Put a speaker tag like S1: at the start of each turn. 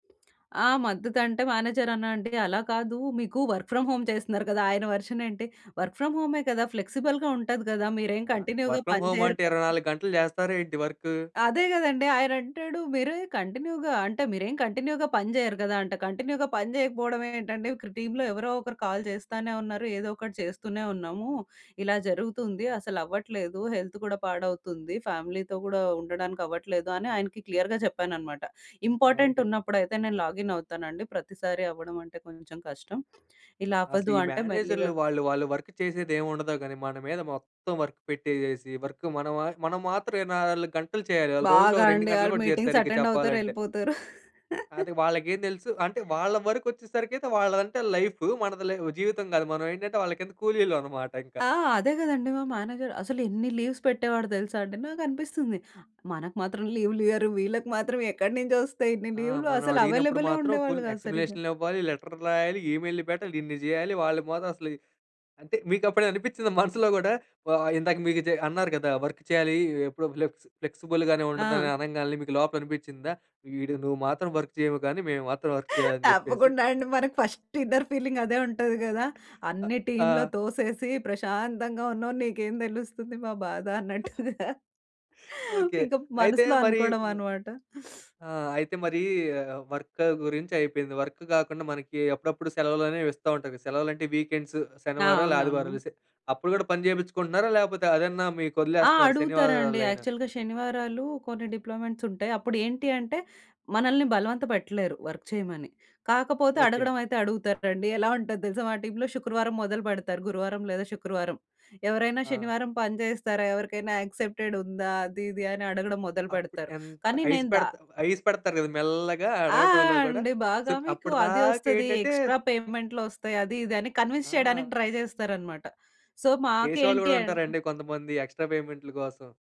S1: ఆ! మద్దతంటే మేనేజర్ అన్నా అంటే అలా కాదు మీకు వర్క్ ఫ్రమ్ హోమ్ చేస్తున్నారు కదా! ఆయన వర్షన్ ఏంటి? "వర్క్ ఫ్రామ్ హోమే కదా! ఫ్లెక్సిబుల్‌గా ఉంటది కదా! మీరేం
S2: ఆ!
S1: కంటిన్యూ‌గా
S2: వర్క్ ఫ్రమ్
S1: పని
S2: హోమ్
S1: చేయరు
S2: అంటే
S1: కదా!"
S2: 24 గంటలు చేస్తారా ఏంటి వర్కు?
S1: అదే కదండీ! ఆయనంటాడు "మీరే కంటిన్యూగా" అంటే "మీరేం కంటిన్యూగా పని చేయరు కదా!" అంట. కంటిన్యూగా పని చేయకపోవడం ఏంటండీ ఇక్కడ టీమ్‌లో ఎవరో ఒకరు కాల్ చేస్తానే ఉన్నారు. ఏదో ఒకటి చేస్తూనే ఉన్నాము. ఇలా జరుగుతుంది అసలవ్వట్లేదు హెల్త్ కూడా పాడవుతుంది. ఫ్యామిలీతో గూడా ఉండడానికవ్వట్లేదు అని ఆయనకి క్లియర్‌గా చెప్పాననమాట. Important
S2: okay.
S1: ఉన్నప్పుడైతే నేను లాగిన్ అవుతానండి. ప్రతిసారి అవ్వడం అంటే కొంచెం కష్టం. ఇలా
S2: అసలు
S1: అవ్వద్దు
S2: ఈ
S1: అంటే
S2: మేనేజర్‌లు
S1: మెల్లిగా
S2: వాళ్ళు, వాళ్ళు వర్క్ చేసేది ఏమి ఉండదు. కానీ మన మీద మొత్తం వర్క్ పెట్టేసేసి వర్క్ మనం మా మనం మాత్రం 24 గంటలు చేయాలి. వాళ్ళు రోజులో
S1: బాగా
S2: ఓ 2
S1: అండి.
S2: గంటలు
S1: ఆళ్ళు
S2: గూడా జేయరు
S1: మీటింగ్స్
S2: సరిగ్గా
S1: అటెండ్ అవుతారు.
S2: చెప్పాలంటే.
S1: యెళ్ళిపోతారు.
S2: అది వాళ్ళకేం తెలుసు అంటే వాళ్ళ వరకొచ్చేసరికైతే వాళ్ళదంటే లైఫూ. మనది ల జీవితం కాదు. మనం ఏంటంటే వాళ్ళ కింద కూలీలవనమాట ఇంకా.
S1: ఆ! అదే కదండీ! మా మేనేజర్ అసలు ఎన్ని లీవ్స్ పెట్టేవాడో తెలుసా అండి. నాకనిపిస్తుంది. మనకు మాత్రం లీవులియ్యరు. వీళ్ళకి మాత్రం ఎక్కడి నుంచి వస్తాయి ఇన్ని
S2: ఆ!
S1: లీవ్‌లు
S2: మనం
S1: అసలు
S2: అడిగినప్పుడు
S1: అవైలబులే
S2: మాత్రం
S1: ఉండేవాళ్ళు
S2: ఫుల్
S1: కాదు సరిగ్గా.
S2: ఎక్స్‌లపేషన్ ఇవ్వాలి, లెటర్‌ రాయాలి, ఈమెయిల్‌లు పెట్టాలి ఇన్ని చేయాలి. వాళ్ళు మాత్రం అసలు అంటే మికప్పుడు అనిపిచ్చిందా మనసులో కూడా వా ఇందాక మీకు జ అన్నారు కదా! వర్క్ చేయాలి. ఎప్పుడో ఫ్లెక్స్ ఫ్లెక్స్‌బుల్ గానే ఉంటుందని
S1: ఆ!
S2: అనంగాల్నే మీకు లోపల అనిపిచ్చిందా వీడు నువ్వు మాత్రం వర్క్ చేయవు గానీ మేము మాత్రం వర్క్ చేయాలని చెప్పేసి.
S1: తప్పకుండా అండి. మనకు ఫస్ట్ ఇన్నర్ ఫీలింగదే ఉంటది కదా!
S2: అ!
S1: అన్నీ టీమ్‌లో
S2: ఆ!
S1: తోసేసి ప్రశాంతంగా ఉన్నావు. నీకేం తెలుస్తుంది మా బాధ అన్నట్టుగా.
S2: ఓకే.
S1: ఇంకా
S2: అయితే
S1: మనసులో
S2: మరి
S1: అనుకోవడం అన్నమాట.
S2: ఆ! అయితే మరీ వర్క గురించి అయిపోయింది. వర్క్ గాకుండా మనకి అప్పుడప్పుడు సెలవులనేవిస్తా ఉంటారు. సెలవులంటే, వీకెండ్సు,
S1: ఆ!
S2: శనివారాలు, ఆదివారాలు
S1: అవునవును.
S2: సె అప్పుడు గూడా పని చేపించుకుంటున్నారా. లేపోతే అదన్నా
S1: ఆ!
S2: మీకొదిలేస్తున్నారు శనివా
S1: అడుగుతారండి
S2: ఆదివారాలైనా?
S1: యాక్చువల్‌గా శనివారాలు కొన్ని డిప్లొమెంట్సుంటయి. అప్పుడేంటి అంటే మనల్ని బలవంత పెట్టలేరు వర్క్ చేయమని. కాకపోతే
S2: ఓకే.
S1: అడగడం అయితే అడుగుతారండి. ఎలా ఉంటది తెలుసా మా టీమ్‌లో, శుక్రవారం మొదలు పెడతారు. గురువారం లేదా శుక్రవారం, "ఎవరైనా
S2: ఆ!
S1: శనివారం పని చేస్తారా? ఎవరికైనా యాక్సెప్టెడ్ ఉందా?" అది, ఇది అని అడగడం మొదలుపెడతారు.
S2: అప్పుడెంత
S1: కానీ
S2: ఐస్
S1: నేను దా
S2: పెడుతా ఐస్ పెడతారు కదా! మెల్లగా
S1: ఆ!
S2: అడగటంలో గూడా.
S1: అండి
S2: సో,
S1: బాగా మీకు అది వస్తది,
S2: అప్పటిదాకేంటంటే
S1: ఎక్స్‌ట్రా పేమెంట్లొస్తాయి. అది ఇది అని కన్విన్స్ చేయడానికి
S2: ఆ!
S1: ట్రై చేస్తారన్నమాట. సో,
S2: చేసేవాళ్ళు
S1: మాకేంటి
S2: కూడా
S1: అంటే
S2: ఉంటారండి కొంతమంది. ఎక్స్‌ట్రా పేమెంట్‌లు కోసం.